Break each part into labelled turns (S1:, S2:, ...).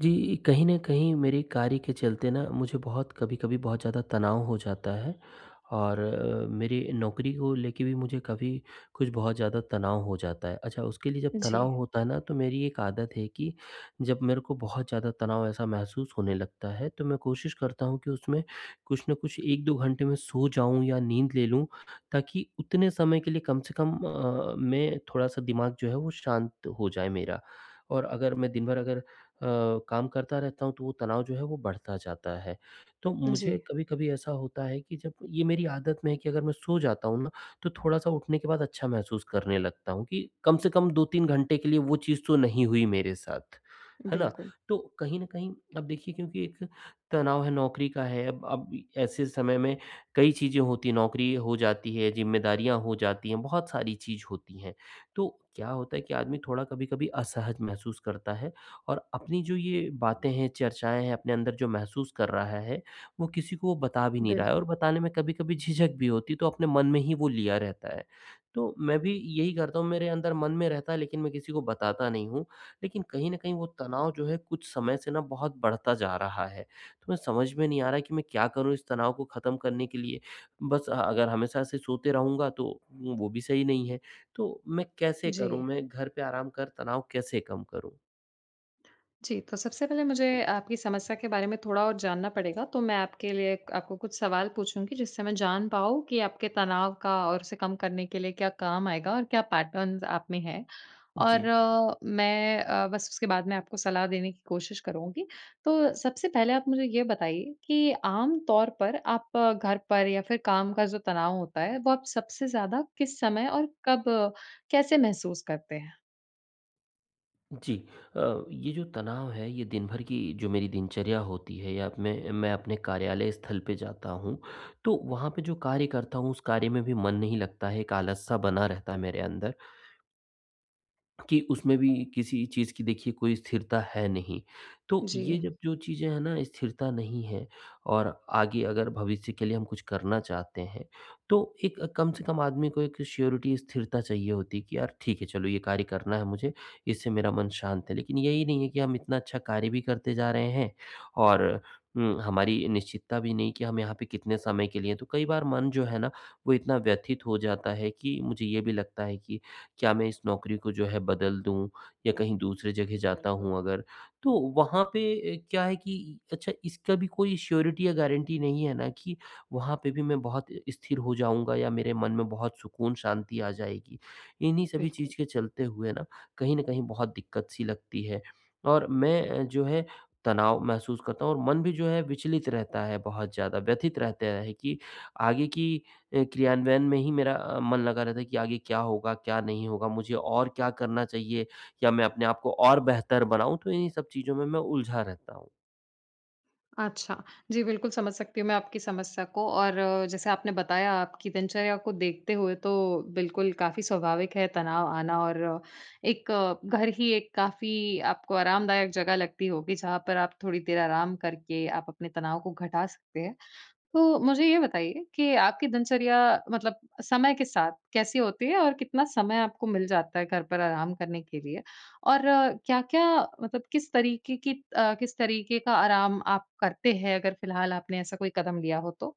S1: जी। कहीं न कहीं मेरे कार्य के चलते न मुझे बहुत कभी-कभी बहुत ज़्यादा तनाव हो जाता है। और अ, मेरी नौकरी को लेकर भी मुझे कभी कुछ बहुत ज़्यादा तनाव हो जाता है। अच्छा उसके लिए जब तनाव
S2: जी।
S1: होता है ना, तो मेरी एक आदत है कि जब मेरे को बहुत ज़्यादा तनाव ऐसा महसूस होने लगता है, तो मैं कोशिश करता हूँ कि उसमें कुछ न कुछ 1-2 घंटे मैं सो जाऊँ या नींद ले लूँ, ताकि उतने समय के लिए कम से कम अ अ, मैं थोड़ा-सा दिमाग जो है वो शांत हो जाए मेरा। और अगर मैं दिन भर अगर अ, काम करता रहता हूँ, तो वो तनाव जो है वो बढ़ता जाता है। तो मुझे
S2: जी।
S1: कभी-कभी ऐसा होता है कि जब ये मेरी आदत में है कि अगर मैं सो जाता हूँ ना, तो थोड़ा-सा उठने के बाद अच्छा महसूस करने लगता हूँ कि कम से कम 2-3 घंटे के लिए वो चीज़ तो नहीं हुई मेरे साथ, है ना।
S2: बिल्कुल।
S1: तो कहीं न कहीं अब देखिए क्योंकि एक तनाव है, नौकरी का है, अब ऐसे समय में कई चीज़ें होती हैं, नौकरी हो जाती है, ज़िम्मेदारियाँ हो जाती हैं, बहुत सारी चीज़ होती हैं। तो क्या होता है कि आदमी थोड़ा कभी-कभी असहज महसूस करता है और अपनी जो ये बातें हैं, चर्चाएँ हैं, अपने अंदर जो महसूस कर रहा है वो किसी को बता भी नहीं रहा है
S2: बिल्कुल।
S1: और बताने में कभी-कभी झिझक भी होती, तो अपने मन में ही वो लिया रहता है। तो मैं भी यही करता हूँ, मेरे अंदर मन में रहता है, लेकिन मैं किसी को बताता नहीं हूँ, लेकिन कहीं न कहीं वो तनाव जो है कुछ समय से ना बहुत बढ़ता जा रहा है। तो मैं समझ में नहीं आ रहा कि मैं क्या करूँ इस तनाव को खत्म करने के लिए, बस अ, अगर हमेशा से सोते रहूँगा तो वो वो भी सही नहीं है। तो मैं कैसे करूँ?
S2: जी।
S1: मैं घर पे आराम कर तनाव कैसे कम करूँ?
S2: जी, तो सबसे पहले मुझे आपकी समस्या के बारे में थोड़ा और जानना पड़ेगा, तो मैं आपके लिए आपको कुछ सवाल पूछूँगी। जिससे मैं जान पाऊँ कि आपके तनाव का और उसे कम करने के लिए क्या काम आएगा और क्या पैटर्न आप में है। और
S1: जी।
S2: मैं अ, बस उसके बाद में आपको सलाह देने की कोशिश करुँगी। तो सबसे पहले आप मुझे ये बताइए कि आमतौर पर आप घर पर या फिर काम का जो तनाव होता है वो आप सबसे ज़्यादा किस समय और कब कैसे महसूस करते हैं?
S1: जी। अ, ये जो तनाव है ये दिन भर की जो मेरी दिनचर्या होती है या मैं मैं अपने कार्यालय स्थल पर जाता हूँ। तो वहाँ पे जो कार्य करता हूँ उस कार्य में भी मन नहीं लगता है। एक आलस सा बना रहता है मेरे अंदर। कि उसमें भी किसी चीज़ की देखिए कोई स्थिरता है नहीं। तो ये
S2: जी।
S1: जब जो चीज़ें हैं ना स्थिरता नहीं है, और आगे अगर भविष्य के लिए हम कुछ करना चाहते हैं तो एक कम से कम आदमी को एक श्योरिटी स्थिरता चाहिए होती कि यार ठीक है चलो ये कार्य करना है मुझे, इससे मेरा मन शांत है। लेकिन यही नहीं है कि हम इतना अच्छा कार्य भी करते जा रहे हैं, और हुँ हमारी निश्चितता भी नहीं कि हम यहाँ पे कितने समय के लिए हैं। तो कई बार मन जो है ना वो इतना व्यथित हो जाता है कि मुझे ये भी लगता है कि क्या मैं इस नौकरी को जो है बदल दूँ? या कहीं दूसरी जगह जाता
S2: बिल्कुल।
S1: हूँ अगर तो वहाँ पे अ, क्या है कि अच्छा इसका भी कोई श्योरिटी या गारंटी नहीं है ना कि वहाँ पे भी मैं बहुत इ स्थिर हो जाऊँगा या मेरे मन में बहुत सुकून शांति आ जाएगी। इन्हीं सभी
S2: बिल्कुल।
S1: चीज़ के चलते हुए ना, कहीं न कहीं बहुत दिक्कत-सी लगती है और मैं अ, जो है तनाव महसूस करता हूँ और मन भी जो है विचलित रहता है बहुत ज़्यादा व्यथित रहता है कि आगे की अ, क्रियान्वयन में ही मेरा अ, मन लगा रहता है कि आगे क्या होगा क्या नहीं होगा मुझे और क्या करना चाहिए, या मैं अपने आप को और बेहतर बनाऊँ, तो इन्हीं सब चीज़ों में मैं उलझा रहता हूँ।
S2: अच्छा, जी बिल्कुल समझ सकती हूँ मैं आपकी समस्या को, और जैसे आपने बताया आपकी दिनचर्या को देखते हुए, तो बिल्कुल काफ़ी स्वाभाविक है तनाव आना और, एक घर ही एक काफ़ी आपको आरामदायक जगह लगती होगी, जहाँ पर आप थोड़ी देर आराम करके, आप अपने तनाव को घटा सकते है। तो मुझे ये बताइए, कि आपकी दिनचर्या मतलब, समय के साथ कैसी होती है? और कितना समय आपको मिल जाता है, घर पर आराम करने के लिए? और क्या-क्या मतलब किस तरीके की अ, किस तरीके का आराम आप करते हैं, अगर फ़िलहाल आपने ऐसा कोई कदम लिया हो तो?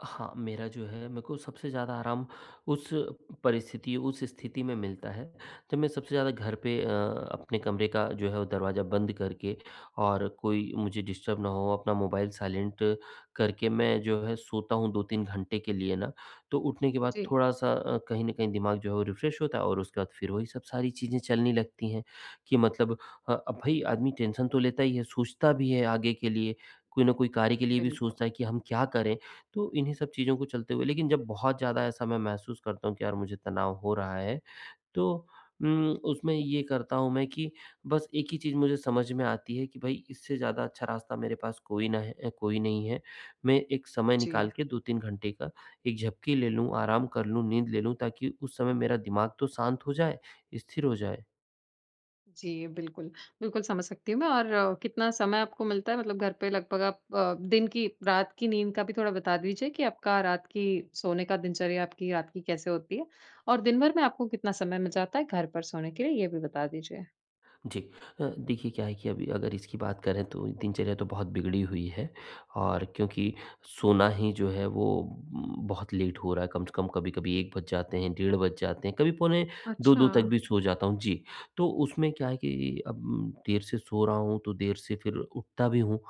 S1: हाँ, मेरा जो है मेरे को सबसे ज़्यादा आराम उस, परिस्थिति उस स्थिति में मिलता है, जब मैं सबसे ज़्यादा घर पे अ, अपने कमरे का जो हैं अ, दरवाज़ा बंद करके और कोई मुझे डिस्टर्ब ना हो, अपना मोबाइल साइलेंट करके मैं जो है सोता हूँ, 2-3 घंटे के लिए ना, तो उठने के बाद,
S2: जी।
S1: थोड़ा-सा अ, कहीं न कहीं दिमाग़ जो है वो रिफ्रेश होता है और उसके बाद फिर वही सब, सारी चीज़ें चलने लगती हैं कि मतलब अ, अब भई आदमी टेंशन तो लेता ही हैं। सोचता भी हैं आगे के लिए, कोई ना कोई कार्य के लिए भी
S2: बिल्कुल।
S1: सोचता है, कि हम क्या करें? तो इन्हीं सब चीज़ों को चलते हुए लेकिन जब बहुत ज़्यादा ऐसा मैं महसूस करता हूँ कि यार मुझे तनाव हो रहा है, तो उम्, उसमें ये करता हूँ मैं कि बस एक ही चीज़ मुझे समझ में आती हैं कि, भई इससे ज़्यादा अच्छा रास्ता मेरे पास कोई ना है कोई नहीं है। मैं एक समय निकाल
S2: जी।
S1: के 2-3 घंटे का एक झपकी ले लूँ, आराम कर लूँ, नींद ले लूँ, ताकि उस समय मेरा दिमाग़ तो शांत हो जाए। स्थिर हो जाए।
S2: जी, बिल्कुल। बिल्कुल समझ सकती हूँ मैं और अ, कितना समय आपको मिलता है? मतलब घर पे लगभग आप अ, दिन की रात की नींद का भी थोड़ा बता दीजिए कि आपका रात की, सोने का दिनचर्या, आपकी रात की कैसे होती है। और दिन भर में आपको कितना समय मिल जाता है, घर पर सोने के लिए ये भी बता दीजिए।
S1: जी। अ, देखिए क्या है कि अभी अगर इसकी बात करें, तो दिनचर्या तो बहुत बिगड़ी हुई है और क्योंकि सोना ही जो है वो उ, बहुत लेट हो रहा है। कम से कम कभी-कभी 1 बज जाते हैं, डेढ़ बज जाते हैं, कभी पौने 2-2 तक
S2: अच्छा।
S1: भी सो जाता हूँ। जी, तो उसमें क्या है कि अब, देर से सो रहा हूँ, तो देर से फिर उठता भी हूँ।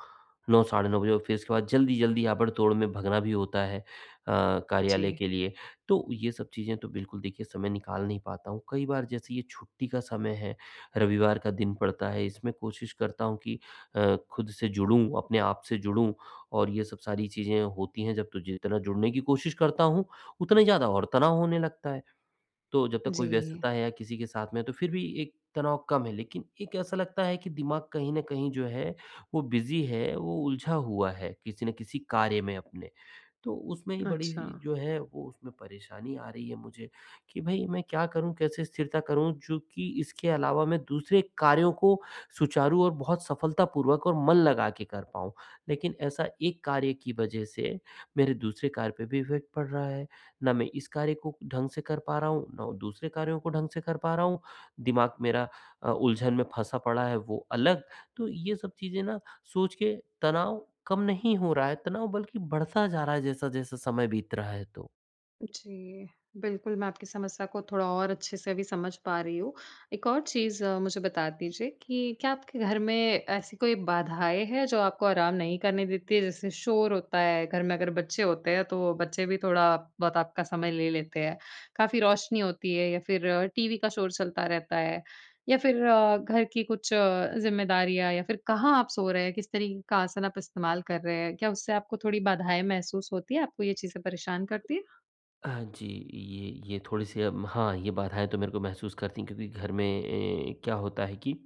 S1: 9 साढ़े 9 बजे और फिर इसके बाद जल्दी-जल्दी, आबड़ तोड़ में भगना भी होता है। अ, कार्यालय
S2: जी।
S1: के लिए, तो ये सब चीज़ें तो बिल्कुल देखिए समय निकाल नहीं पाता हूँ, कई बार जैसे ये छुट्टी का समय है, रविवार का दिन पड़ता है। इसमें कोशिश करता हूँ कि अ, खुद से जुड़ूँ, अपने आप से जुड़ूँ और ये सब सारी चीज़ें होती हैं, जब तो जि जितना जुड़ने की कोशिश करता हूँ, उतना ही ज़्यादा और तनाव होने लगता है। तो जब तक कोई
S2: जी।
S1: व्यस्तता है, या किसी के साथ में तो फिर भी एक तनाव कम है, लेकिन एक ऐसा लगता है कि दिमाग कहीं न कहीं जो है, वो बिज़ी है। वो उलझा हुआ है, किसी न किसी कार्य में अपने, तो उसमें ही बड़ी जी
S2: अच्छा।
S1: जो है, वो उसमें परेशानी आ रही है मुझे, कि भई मैं क्या करूँ? कैसे स्थिरता करूँ? चूँकि इसके अलावा मैं दूसरे कार्यों को सुचारू और बहुत सफलतापूर्वक और मन लगा के कर पाऊँ। लेकिन ऐसा एक कार्य की वज़ह से, मेरे दूसरे कार्य पे भी इफेक्ट पड़ रहा है, ना मैं इस कार्य को ढंग से कर पा रहा हूँ, ना दूसरे कार्यों को ढंग से कर पा रहा हूँ, दिमाग मेरा अ, उलझन में फँसा पड़ा है। वो अलग, तो ये सब चीज़ें ना सोच के, तनाव कम नहीं हो रहा है, तनाव बल्कि बढ़ता जा रहा है जैसा-जैसा समय बीत रहा है तो।
S2: जी, बिल्कुल मैं आपकी समस्या को थोड़ा और अच्छे से अभी समझ पा रही हूँ। एक और चीज़, मुझे बता दीजिए कि, क्या आपके घर में ऐसी कोई बाधाएँ हैं, जो आपको आराम नहीं करने देती है? जैसे शोर होता है, घर में अगर बच्चे होते हैं, तो बच्चे भी थोड़ा बहुत आपका समय ले लेते हैं। काफ़ी रोशनी होती है या फिर, टीवी का शोर चलता रहता है, या फिर अ, घर की कुछ जिम्मेदारियाँ या फिर कहाँ आप सो रहे हैं, किस तरीक़े का आसन आप इस्तेमाल कर रहे हैं? क्या उससे आपको थोड़ी बाधाएँ महसूस होती है, आपको ये चीज़ें परेशान करती है?
S1: हाँ जी, ये ये, थोड़ी सी अम, हाँ ये बाधाएँ तो मेरे को महसूस करती है, क्योंकि घर में एँ क्या होता है कि,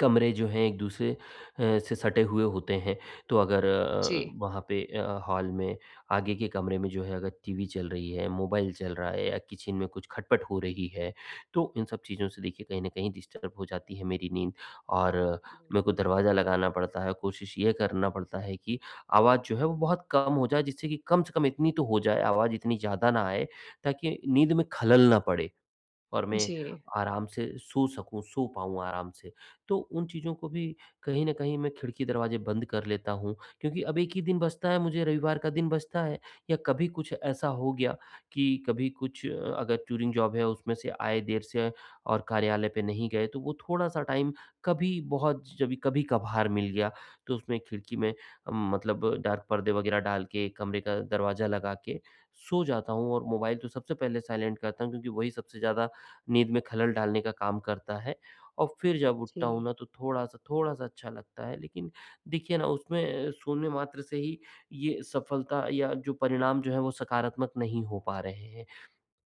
S1: कमरे जो हैं एक दूसरे अ, से सटे हुए होते हैं, तो अगर अ अ,
S2: जी।
S1: वहाँ पे अ, हॉल में, आगे के कमरे में जो है, अगर टीवी चल रही है, मोबाइल चल रहा है या किचन में कुछ खटपट हो रही है, तो इन सब चीज़ों से देखिए, कहीं न कहीं डिस्टर्ब हो जाती है मेरी नींद। और मेरे को
S2: बिल्कुल।
S1: दरवाज़ा लगाना पड़ता है, कोशिश ये करना पड़ता है कि, आवाज़ जो है वो बहुत कम हो जाए, जिससे कि कम से कम इतनी तो हो जाए, आवाज़ इतनी ज़्यादा ना आए, ताकि नींद में ख़लल ना पड़े और मैं
S2: जी।
S1: आराम से सो सकूँ, सो पाऊँ आराम से। तो उन चीज़ों को भी कहीं न कहीं मैं खिड़की, दरवाजे बंद कर लेता हूँ क्योंकि अब 1 ही दिन बचता है, मुझे रविवार का दिन बचता है, या कभी कुछ ऐसा हो गया कि कभी कुछ अगर टूरिंग जॉब है, उसमें से आए देर से और कार्यालय पे नहीं गए, तो वो थोड़ा-सा टाइम कभी बहुत जभी कभी-कभार मिल गया, तो उसमे खिड़की में मतलब डार्क पर्दे वग़ैरह डाल के, कमरे का दरवाज़ा लगा के, सो जाता हूँ और मोबाइल तो सबसे पहले साइलेंट करता हूँ, क्योंकि वही सबसे ज़्यादा, नींद में ख़लल डालने का काम करता है। और फिर जब उठता हूँ
S2: जी।
S1: ना, तो थोड़ा-सा थोड़ा-सा अच्छा लगता है, लेकिन देखिए ना उसमें शून्य मात्रा से ही, ये सफलता या जो परिणाम जो है, वो सकारात्मक नहीं हो पा रहे हैं।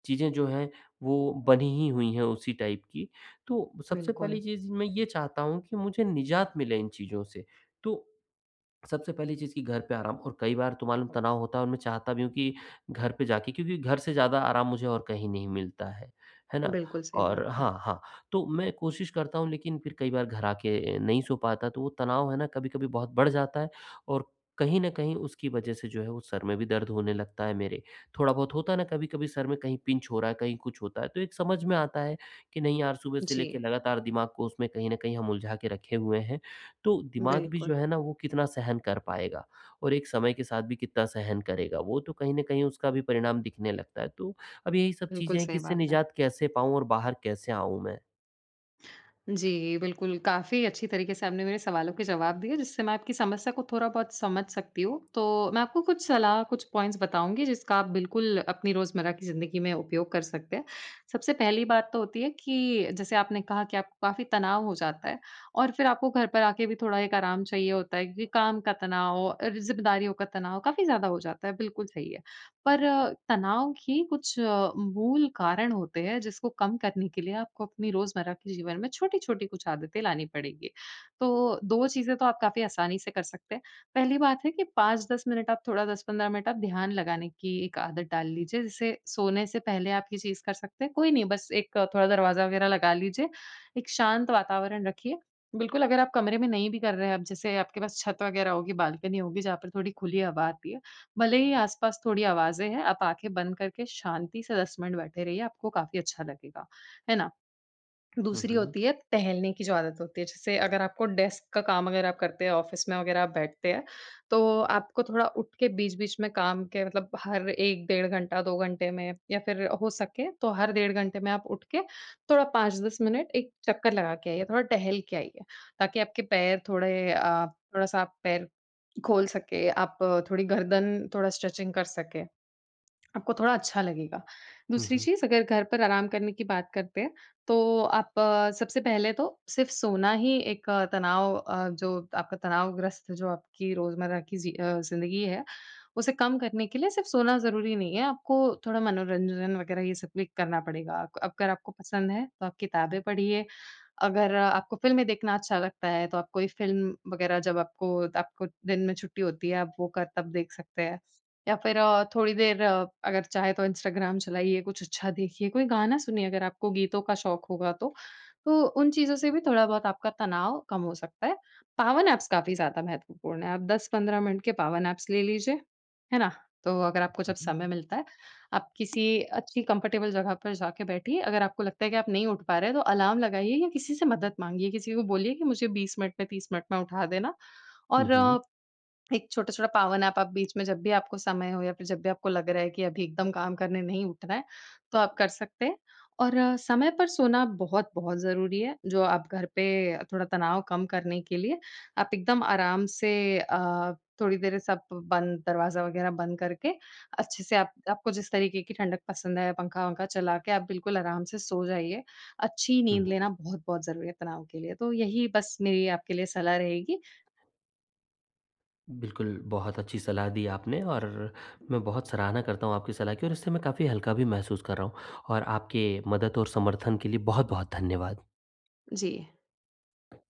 S1: चीज़ें जो हैं, वो बनी ही हुईं हैं उसी टाइप की, तो सबसे पहली
S2: बिल्कुल।
S1: चीज़ मैं ये चाहता हूँ कि मुझे निज़ात मिले इन चीज़ों से, तो सबसे पहली चीज़ की घर पे आराम और कई बार तो मालूम तनाव होता है और मैं चाहता भी हूँ कि, घर पे जाके क्योंकि घर से ज़्यादा आराम मुझे और कहीं नहीं मिलता है। है ना?
S2: बिल्कुल, सही बात
S1: और
S2: है।
S1: हाँ, हाँ, तो मैं कोशिश करता हूँ, लेकिन फिर कई बार घर आ के नहीं सो पाता, तो वो तनाव है ना कभी-कभी बहुत बढ़ जाता है और कहीं न कहीं उसकी वजह से जो है, वो सर में भी दर्द होने लगता है मेरे, थोड़ा बहुत होता है ना कभी-कभी सिर में कहीं पिंच हो रहा है, कहीं कुछ होता है। तो एक समझ में आता है, कि नहीं यार सुबह से लेकर
S2: जी।
S1: लगातार दिमाग को उसमें कहीं न कहीं हम उलझा के रखे हुए हैं। तो दिमाग भी
S2: बिल्कुल।
S1: जो है ना, वो कितना सहन कर पाएगा और एक समय के साथ भी कितना सहन करेगा वो, तो कहीं न कहीं उसका भी परिणाम दिखने लगता है। तो अब यही सब
S2: बिल्कुल,
S1: चीज़ें हैं कि
S2: सही
S1: इससे
S2: बात है।
S1: निज़ात कैसे पाऊँ और बाहर कैसे आऊँ मैं?
S2: जी बिल्कुल, काफ़ी अच्छी तरीके से आपने मेरे सवालों के जवाब दिए, जिससे मैं आपकी समस्या को थोड़ा बहुत समझ सकती हूँ। तो मैं आपको कुछ सलाह, कुछ पॉइंट्स बताऊँगी, जिसका आप बिल्कुल अपनी रोज़मर्रा की ज़िंदगी में उपयोग कर सकते हैं। सबसे पहली बात तो होती है कि, जैसे आपने कहा कि आपको काफ़ी तनाव हो जाता है, और फिर आपको घर पर आके भी थोड़ा एक आराम चाहिए होता है क्योंकि काम का तनाव और ज़िम्मेदारियों का तनाव काफ़ी ज़्यादा हो जाता है, बिल्कुल सही है। पर तनाव की कुछ मूल कारण होते हैं, जिसको कम करने के लिए आपको अपनी रोज़मर्रा के जीवन में छोटी-छोटी कुछ आदतें लानी पड़ेगी। तो, 2 चीज़ें तो आप काफ़ी आसानी से कर सकते हैं। पहली बात है कि 5-10 मिनट आप थोड़ा 10-15 मिनट आप ध्यान लगाने की एक आदत डाल लीजिए, जैसे सोने से पहले आप ये चीज़ कर सकते हैं। कोई नहीं, बस एक थोड़ा दरवाज़ा वगैरह लगा लीजिए, एक शांत वातावरण रखिए। बिल्कुल, अगर आप कमरे में नहीं भी कर रहे हैं, अब जैसे आपके पास छत वगैरह होगी, बालकनी होगी, जहाँ पर थोड़ी खुली हवा आती है। भले ही आस-पास थोड़ी आवाजें हैं, आप आँखें बंद करके शांति से 10 मिनट बैठे रहिए। आपको काफ़ी अच्छा लगेगा। है ना?
S1: हुँ,
S2: दूसरी
S1: हुँ।
S2: होती है, टहलने की जो आदत होती है, जैसे अगर आपको डेस्क का काम अगर आप करते हैं, ऑफिस में वगैरह आप बैठते हैं, तो आपको थोड़ा उठ के बीच-बीच में काम के मतलब, हर 1 डेढ़ घंटा, 2 घंटे में या फिर हो सके, तो हर डेढ़ घंटे में आप उठ के थोड़ा 5-10 मिनट एक चक्कर लगा के आइए, थोड़ा टहल के आइए। ताकि आपके पैर थोड़े अ, थोड़ा-सा आप पैर खोल सके, आप थोड़ी गर्दन थोड़ा स्ट्रेचिंग कर सके, आपको थोड़ा अच्छा लगेगा।
S1: हुँ,
S2: दूसरी
S1: हुँ।
S2: चीज़ अगर घर पर आराम करने की बात करते हैं, तो आप सबसे पहले तो सिर्फ सोना ही एक तनाव अ, जो आपका तनावग्रस्त जो आपकी रोज़मर्रा की ज़ि अ, ज़िंदगी है, उसे कम करने के लिए सिर्फ सोना ज़रूरी नहीं है, आपको थोड़ा मनोरंजन वगैरह, ये सब भी करना पड़ेगा। अग अगर आपको पसंद है, तो आप किताबें पढ़िए, अगर आपको फ़िल्में देखना अच्छा लगता है, तो आप कोई फ़िल्म वगैरह, जब आपको आपको दिन में छुट्टी होती है, आप वो कर तब देख सकते हैं। या फिर अ, थोड़ी देर अगर चाहे तो इंस्टाग्राम चलाइए, कुछ अच्छा देखिए, कोई गाना सुनिए, अगर आपको गीतों का शौक़ होगा तो। तो उन चीज़ों से भी थोड़ा बहुत आपका तनाव कम हो सकता है। पावर नैप्स काफ़ी ज़्यादा महत्वपूर्ण है। आप 10-15 मिनट के पावर नैप्स ले लीजिए। है ना? तो अगर आपको
S1: हुँ,
S2: जब
S1: हुँ।
S2: समय मिलता है, आप किसी अच्छी कंफर्टेबल जगह पर जाके बैठिए। अगर आपको लगता है कि आप नहीं उठ पा रहे हैं, तो अलार्म लगाइए या किसी से मदद माँगिए, किसी को बोलिए कि मुझे 20 मिनट में, 30 मिनट में उठा देना
S1: हुँ,
S2: और
S1: हुँ।
S2: एक छोटा-छोटा पावर नैप आप बीच में जब भी आपको समय हो, या फिर जब भी आपको लग रहा है कि अभी एकदम काम करने नहीं उठना है। तो आप कर सकते हैं और समय पर सोना बहुत-बहुत ज़रूरी है, जो आप घर पे थोड़ा तनाव कम करने के लिए, आप एकदम आराम से अ, थोड़ी देर सब बंद दरवाज़ा वगैरह बंद करके, अच्छे से आप आपको जिस तरीके की ठंडक पसंद है पंखा-वंखा चला के, आप बिल्कुल आराम से सो जाइए। अच्छी
S1: हुँ,
S2: नींद
S1: हुँ।
S2: लेना बहुत-बहुत ज़रूरी है तनाव के लिए। तो यही बस मेरी आपके लिए सलाह रहेगी।
S1: बिल्कुल। बहुत अच्छी सलाह दी आपने और मैं बहुत सराहना करता हूँ आपकी सलाह की और इससे मैं काफ़ी हल्का भी महसूस कर रहा हूँ और आपके मदद और समर्थन के लिए, बहुत-बहुत धन्यवाद।
S2: जी।